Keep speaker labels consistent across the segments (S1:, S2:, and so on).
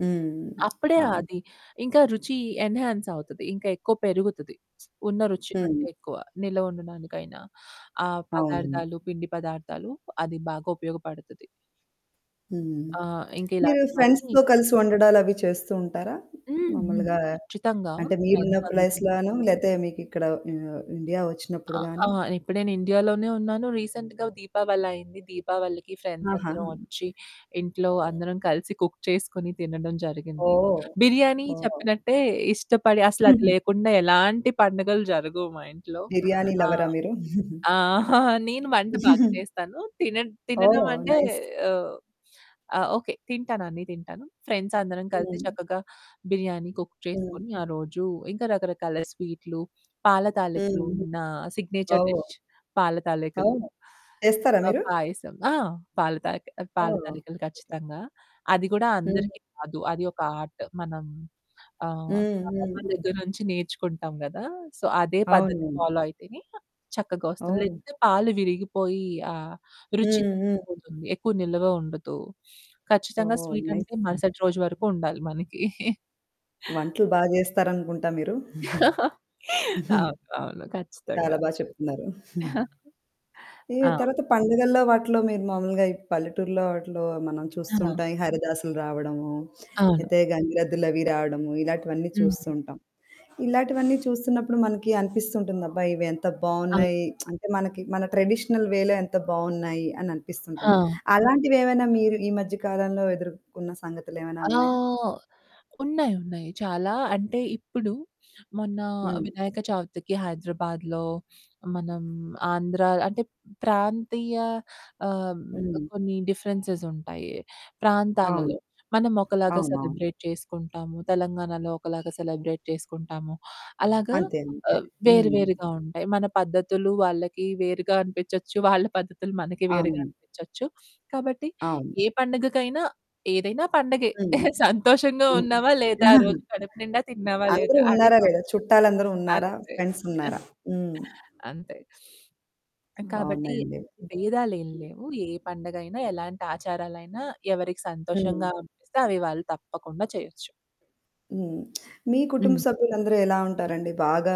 S1: హ్మ్.
S2: అప్పుడే
S1: అవును.
S2: అది. ఇంక రుచి ఎన్‌హ్యాన్స్ అవుతది. ఇంక ఎక్కువ పెరుగుతది ఉన్న రుచి
S1: హ్మ్.
S2: కంటే ఎక్కువ నిలవ ఉండడానికైనా. ఆ
S1: అవును.
S2: పదార్థాలు, పిండి పదార్థాలు అది బాగా ఉపయోగపడతది.
S1: హ్మ్.
S2: ఆ! ఇంకా
S1: మీరు
S2: ఇలాంటివన్నీ
S1: ఫ్రెండ్స్‌తో కలిసి వండడాలు అవి చేస్తూ ఉంటారా?
S2: హ్మ్. హ్మ్.
S1: మాములుగా
S2: ఖచ్చితంగా
S1: అంటే మీరు ఉన్న
S2: ఫ్రెండ్స్ అందరు
S1: ప్లేస్‌లోనో లేకపోతే మీకిక్కడ ఆహ్, ఇండియా
S2: అ
S1: వచ్చినప్పుడు
S2: ఆ!
S1: గాని?
S2: ఇప్పుడు నేను ఇండియాలోనే ఉన్నాను రీసెంట్‌గా దీపావలైంది, దీపావళికి ఫ్రెండ్స్
S1: ఆహా!
S2: అందరమోచ్చి, ఇంట్లో అందరం కలిసి కుక్ చేసుకొని తినడం జరిగింది.
S1: ఓహ్!
S2: బిర్యానీ
S1: ఓహ్!
S2: చెప్పినట్టే ఇష్టపడి అసలు అది
S1: హుహు.
S2: లేకుండా ఎలాంటి పండుగలు జరగవు మా ఇంట్లో.
S1: బిర్యానీ
S2: ఆ!
S1: లవరా మీరు?
S2: ఆ! నేను వంట బాగా చేస్తాను తిన
S1: ఓహ్,
S2: తినడమంటే
S1: నైస్.
S2: ఆహ్, ఆ! ఓకె తింటాను అన్ని తింటాను. ఫ్రెండ్స్ అందరం కలిసి
S1: హ్మ్.
S2: చక్కగా బిర్యానీ కుక్
S1: హ్మ్.
S2: చేసుకొని ఆ రోజు ఇంక రకరకాల స్వీట్లు, పాల తాలికలు
S1: హ్మ్.
S2: నా సిగ్నేచర్
S1: ఓహ్!
S2: డిష్ పాల తాలికలు.
S1: అవును. చేస్తారా
S2: ఆ!
S1: మీరు?
S2: పాయసం. ఆ! పాల తాయి పాల
S1: ఓహ్!
S2: తాలికలు ఖచ్చితంగా. అది కూడా
S1: హ్మ్.
S2: అందరికి కాదు, అది ఒక ఆర్ట్. మనం ఆహ్,
S1: హ్మ్ హ్మ్.
S2: అమ్మమ్మ దగ్గర నుంచి నేర్చుకుంటాం గదా. సో, అదే పద్ధతి
S1: అవును.
S2: ఫాలో అయితేనే చక్కగోస్తుంది
S1: ఓహ్!
S2: లేకపోతే పాలు విరిగిపోయి, ఆ రుచి
S1: హ్మ్ హ్మ్.
S2: తగ్గిపోతుంది ఎక్కువ నిలువ ఉండదు. ఖచ్చితంగా
S1: ఓహ్! నైస్.
S2: స్వీటంటే మరుసటి రోజు వరకు ఉండాలి మనకి.
S1: వంటలు బాగా చేస్తారనుకుంటా మీరు.
S2: అవును అవును.
S1: చాలా
S2: ఖచ్చితంగా.
S1: బాగా చెప్తున్నారు. ఈ
S2: ఆ!
S1: తర్వాత పండుగల్లో, వాటిలో మీరు మామూలుగా ఈ పల్లెటూరులో, వాటిలో మనం చూస్తూ
S2: ఆ!
S1: ఉంటాం. ఈ హరిదాసులు రావడము,
S2: అవును.
S1: అయితే గంగిరెద్దులు అవి రావడము ఇలాంటివన్నీ
S2: హ్మ్.
S1: చూస్తుం‌టాం. ఇలాంటివన్నీ చూస్తున్నప్పుడు మనకి అనిపిస్తుంటుంది. అబ్బా! ఇవి ఎంత
S2: అవును.
S1: బావున్నాయి అంటే మనకి మన ట్రెడిషనల్ వేలో ఎంత బాగున్నాయి అని అనిపిస్తుంటుంది.
S2: ఆ!
S1: అలాంటివి ఏమైనా మీరు ఈ మధ్య కాలంలో ఎదుర్కొన్న సంగతులు ఏమైనా
S2: ఆ!
S1: ఉన్నాయా?
S2: ఉన్నాయి ఉన్నాయి, చాలా అంటే ఇప్పుడు మొన్న
S1: హ్మ్.
S2: వినాయక చవితికి హైదరాబాద్‌లో, మనం ఆంధ్ర అంటే ప్రాంతీయ ఆహ్,
S1: హ్మ్.
S2: కొన్ని డిఫరెన్సె‌సుంటాయి
S1: అవును,
S2: ప్రాంతాలలో. మనం ఒకలాగా
S1: అవునవును.
S2: సెలబ్రేట్ చేసుకుంటాము, తెలంగాణాలో ఒకలాగా సెలబ్రేట్ చేసుకుంటాము. అలాగా
S1: అంతే అంతే.
S2: ఆహ్, వేరు
S1: హ్మ్.
S2: వేరుగా ఉంటాయి. మన పద్ధతులు వాళ్ళకి వేరుగా అనిపించొచ్చు, వాళ్ళ పద్ధతులు మనకి వేరుగా
S1: అవును.
S2: అనిపించొచ్చు. కాబట్టి
S1: అవును.
S2: ఏ పండుగకైనా, ఏదైనా పండగే
S1: హ్మ్.
S2: సంతోషంగా ఉన్నావా లేదా రోజు? కడుపు నిండా తిన్నావా? లేదా?
S1: అందరు
S2: అదే
S1: ఉన్నారా?
S2: పండుగ
S1: లేదా? చుట్టాలందరు ఉన్నారా?
S2: అంతే.
S1: ఫ్రెండ్స్ ఉన్నారా?
S2: అంతే. కాబట్టి
S1: బావున్నాయండి.
S2: బేధాలు ఏం లేవు. ఏ పండగైనా, ఎలాంటాచారాలైనా, ఎవరికి
S1: హ్మ్.
S2: సంతోషంగా అనిపిస్తే అవి వాళ్ళు తప్పకుండా చేయొచ్చు.
S1: హ్మ్. మీ కుటుంబ
S2: హ్మ్.
S1: సభ్యులందరూ ఎలా ఉంటారండి? బాగా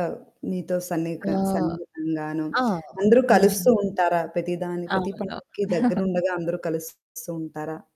S1: మీతో సన్నిక
S2: ఆహ్,
S1: సన్నిహితంగాను
S2: ఆ!
S1: అందరూ కలుస్తూ
S2: హ్మ్.
S1: ఉంటారా? ప్రతిదాన్ని ప్రతి
S2: అవును.
S1: పండగకి దగ్గరుండగా, అందరూ కలుస్తూ ఉంటారా?